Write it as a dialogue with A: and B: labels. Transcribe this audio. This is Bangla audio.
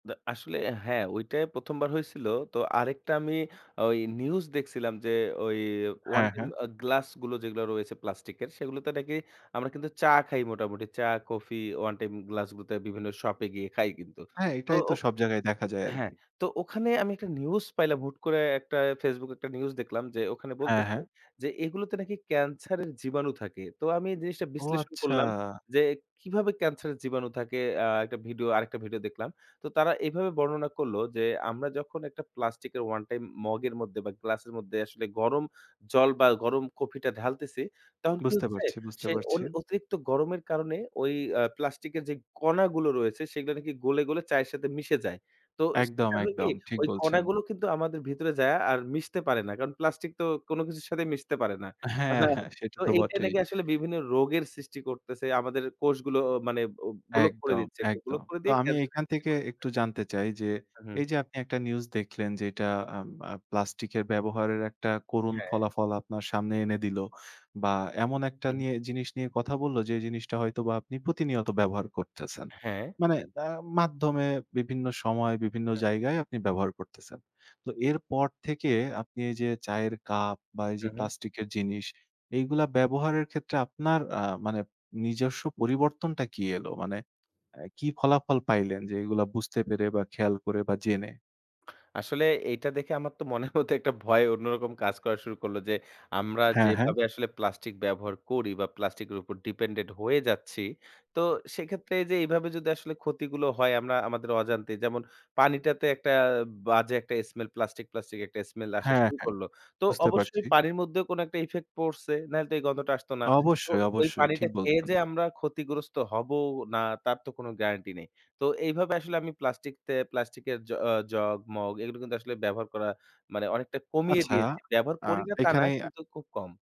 A: দা আসলে হ্যা, ঐটাই প্রথমবার হয়েছিল। তো আরেকটা আমি ওই নিউজ দেখছিলাম যে, ওই 1
B: হ্যা,
A: টাইম
B: হ্যা।
A: আ গ্লাসগুলো যেগুলা রয়েছে প্লাস্টিকের, সেগুলোতে নাকি আমরা কিন্তু চা খাই মোটামুটি। চা, কফি, 1 টাইম গ্লাসগুলোতে বিভিন্ন শপে গিয়ে খাই কিন্তু,
B: হ্যা,
A: তো
B: এইটাই তো সব জায়গায় দেখা যায়
A: হ্যা,
B: আরকি।
A: তো ওখানে আমি একটা নিউজ পাইলাম হুট করে একটা ফেসবুকে, একটা নিউজ দেখলাম যে, ওখানে
B: হ্যা,
A: বলতেছে,
B: হ্যা।
A: যে এগুলোতে নাকি ক্যান্সারের জীবাণু থাকে। তো আমি এ জিনিসটা
B: ও!
A: বিশ্লেষণ
B: আচ্ছা।
A: করলাম যে, কিভাবে ক্যান্সারের জীবাণু থাকে? আ একটা ভিডিও, আরেকটা ভিডিও দেখলাম। তো তারা এভাবে বর্ণনা করল যে, আমরা যখন ১ টা প্লাস্টিকের, ওয়ান টাইম মগের মধ্যে বা গ্লাসের মধ্যে আসলে গরম জল বা গরম কফিটা ঢালতেছি, তখন কি
B: বুঝতে
A: হচ্ছে
B: পারছি, বুঝতে
A: সে অন
B: পারছি।
A: অতিরিক্ত গরমের কারণে ওই আ প্লাস্টিকের যে কণাগুলো রয়েছে, সেগুলা নাকি গলে, গলে চায়ের সাথে মিশে যায়। তো
B: একদম,
A: সেটা হয় কি,
B: একদম ঠিক
A: ওই
B: বলছেন।
A: কণাগুলো কিন্তু আমাদের ভিতরে যায়া, আর মিশতে পারে না। কারণ প্লাস্টিক তো কোন কিছুর সাথে মিশতে পারে না।
B: হ্যা, হ্যা সেটা
A: তো
B: তো
A: এইটা
B: বটেই।
A: নাকি আসলে বিভিন্ন রোগের সৃষ্টি করতেছে। আমাদের কোষগুলো মানে ব ব্লক করে
B: একদম,
A: দিচ্ছে। ব্লক
B: একদম।
A: করে
B: তো
A: দিয়ে
B: আমি
A: ক্যান্সার
B: এখান
A: সৃষ্টি
B: থেকে
A: করতেছে।
B: একটু জানতে চাই যে,
A: হুম।
B: এই যে আপনি একটা নিউজ দেখলেন যে, এটা আ আব প্লাস্টিকের ব্যবহারের একটা করুণ
A: হ্যা।
B: ফলাফল, আপনার সামনে এনে দিল। বা এমন একটা
A: হুম।
B: নিয়ে, জিনিস নিয়ে কথা বললো, যে জিনিসটা হয়তোবা আপনি প্রতিনিয়ত ব্যবহার করতেছেন।
A: হ্যা।
B: মানে আ মাধ্যমে বিভিন্ন সময়, বিভিন্ন
A: হ্যা।
B: জায়গায় আপনি ব্যবহার করতেছেন। তো এরপর থেকে আপনি এই যে চায়ের কাপ বা এই
A: হু,
B: যে
A: হু।
B: প্লাস্টিকের জিনিস, এইগুলা ব্যবহারের ক্ষেত্রে আপনার আ মানে নিজস্ব পরিবর্তনটা কি এল? মানে এ কি ফলাফল পাইলেন যে, এগুলা বুঝতে পেরে বা খেয়াল করে বা জেনে?
A: আসলে এইটা দেখে আমার তো মনের মধ্যে একটা ভয় অন্যরকম কাজ করা শুরু করলো যে, আমরা
B: হ্যা, হ্যা।
A: যেভাবে আসলে প্লাস্টিক ব্যবহার করি বা প্লাস্টিকের উপর ডিপেন্ডেন্ট হয়ে যাচ্ছি। তো সেক্ষেত্রে এইযে, এভাবে যদি আসলে ক্ষতিগুলো হয় আমরা, আমাদের অজান্তে যেমন পানিটাতে একটা বাজে একটা স্মেল প্লাস্টিক, প্লাস্টিক একটা স্মেল আসা
B: হ্যা,
A: শুরু
B: হ্যা,
A: করল। তো
B: বুঝতে
A: অবশ্যই
B: পারছি।
A: পানির মধ্যেও কোনো একটা ইফেক্ট পড়ছে, নাইলে তো এই গন্ধটা আসতো না। তো
B: অবশ্যই,
A: ওই
B: অবশ্যই
A: পানিটা
B: ঠিক
A: খেয়ে
B: বলছেন।
A: যে আমরা ক্ষতিগ্রস্ত হবো না, তার তো কোন গ্যারান্টি নেই। তো এইভাবে আসলে আমি প্লাস্টিক তে, প্লাস্টিকের জ জগ, মগ এগুলো কিন্তু আসলে ব্যবহার করা মানে অনেকটা কমিয়ে
B: আচ্ছা,
A: দিয়েছি। ব্যবহার
B: আ
A: করি না, তা না,
B: এইখানেই
A: কিন্তু খুব কম।